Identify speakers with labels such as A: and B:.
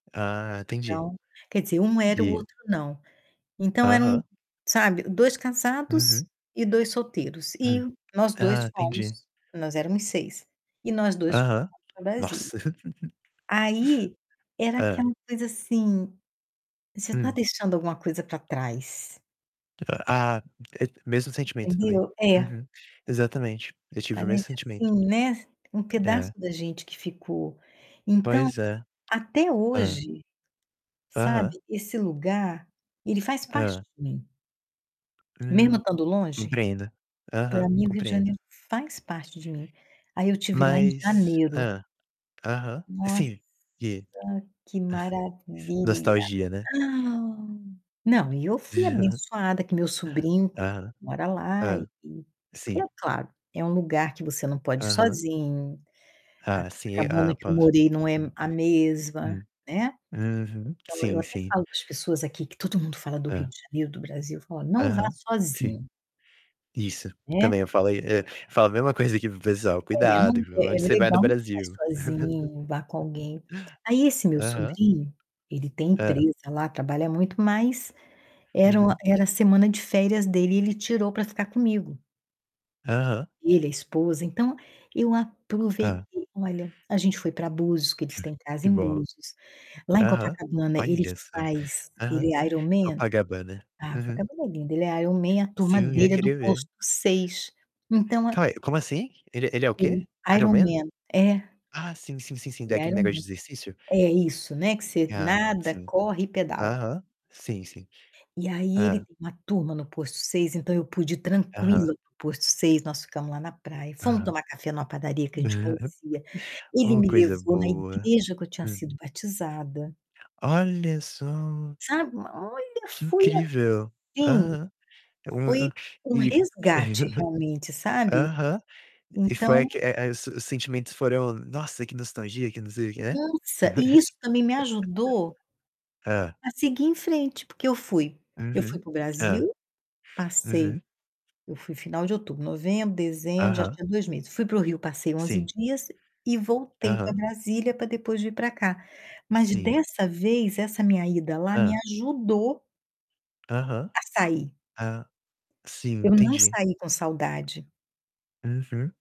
A: Ah, entendi.
B: Então quer dizer, um era e o
A: E
B: outro não. Então eram,
A: Aham.
B: sabe, 2 casados
A: Uhum.
B: e 2 solteiros
A: Hum.
B: e nós
A: Ah,
B: 2
A: entendi.
B: fomos, nós éramos 6, e nós 2 fomos
A: Aham.
B: pra Brasília.
A: Nossa!
B: Aí era
A: Hã.
B: aquela coisa assim, você tá
A: Hum.
B: deixando alguma coisa pra trás.
A: Ah, mesmo sentimento também.
B: Entendeu? É.
A: Uhum. Exatamente, eu tive o
B: Parece
A: mesmo sentimento.
B: assim, né, um pedaço
A: É.
B: da gente que ficou. Então,
A: Pois é.
B: até
A: Hã.
B: hoje, sabe,
A: Aham.
B: esse lugar, ele faz parte
A: Hã.
B: de mim.
A: Hum,
B: Mesmo estando longe,
A: compreendo.
B: pra
A: Aham,
B: mim o Rio de
A: compreendo.
B: Janeiro faz parte de mim. Aí eu estive lá em
A: Mas
B: janeiro.
A: Hã, aham.
B: Nossa,
A: Sim, e
B: que maravilha!
A: nostalgia, né?
B: Não, e eu fui abençoada que meu sobrinho
A: Aham.
B: mora lá e
A: Hã.
B: porque, é
A: Sim.
B: claro, é um lugar que você não pode ir
A: Aham.
B: sozinho. A
A: Ah, sim.
B: Copacabana
A: Ah,
B: que eu
A: posso.
B: morei não é a mesma,
A: Hum,
B: né.
A: uhum.
B: Então eu
A: Sim,
B: até
A: sim.
B: falo para as pessoas aqui, que todo mundo fala do Rio
A: Hã.
B: de Janeiro, do Brasil, eu falo: "Ó, não vá
A: Aham, sim.
B: sozinho"
A: Isso, também
B: né.
A: eu falo aí, eh, falo a mesma coisa aqui para o pessoal:
B: É,
A: "Cuidado,
B: não
A: viu,
B: é é
A: aonde você vai no
B: legal, mas não
A: Brasil?"
B: vai sozinho, vá com alguém. Aí esse meu
A: Aham.
B: sobrinho, ele tem
A: É.
B: empresa lá, trabalha muito, mas era o
A: Uhum.
B: era semana de férias dele e ele tirou pra ficar comigo
A: Aham.
B: ele, a esposa, então eu
A: Hã.
B: aproveitei. Olha, a gente foi pra Búzios, que eles têm casa
A: Que
B: em
A: bom.
B: Búzios. Lá em
A: Aham.
B: Copacabana, ele
A: Olha só.
B: faz
A: Aham.
B: ele é Ironman.
A: Copacabana.
B: Ah,
A: Uhum.
B: Copacabana é lindo, ele é Ironman, a turma
A: Sim, eu
B: dele é do
A: queria ver.
B: posto 6. Então a
A: Cai como assim? Ele, ele é o quê?
B: ele
A: Ironman?
B: Ironman. É
A: Ah, sim, sim, sim, sim, da
B: ele é
A: aquele negócio de
B: Ironman.
A: exercício?
B: É, isso, né, que você
A: Ah,
B: nada,
A: sim.
B: corre e pedala.
A: Aham. Sim, sim.
B: E aí ele
A: Hã.
B: tem uma turma no posto 6, então eu pude ir
A: Aham.
B: tranquila para o posto 6, nós ficamos lá na praia. Fomo
A: Aham.
B: tomar café numa padaria que a gente conhecia. Ele
A: Oh,
B: me
A: coisa
B: levou na
A: boa.
B: igreja que eu tinha
A: Hum.
B: sido batizada.
A: Olha só
B: Sabe, olha,
A: que
B: foi
A: incrível.
B: assim,
A: Aham. Um
B: foi
A: hã,
B: um
A: e
B: resgate realmente, sabe.
A: Aham. E foi a
B: Então
A: que é é os sentimentos foram: "Nossa, que nostalgia, que não sei o quê", né?
B: Nossa, e isso também me ajudou
A: Hã.
B: a seguir em frente, porque eu fui eu fui
A: Uhum.
B: para o
A: Hã.
B: Brasil, passei
A: Uhum.
B: eu fui final de outubro, novembro, dezembro, já
A: Aham.
B: tinha 2 meses, fui para o Rio, passei 11
A: Sim.
B: dias e voltei pra
A: Aham.
B: Brasília pra depois vir pra cá. Mas,
A: Sim.
B: dessa vez, essa minha ida lá me
A: Hã.
B: ajudou
A: Aham.
B: a sair.
A: Hã, sim,
B: Eu não
A: entendi.
B: saí com saudade.
A: Uhum.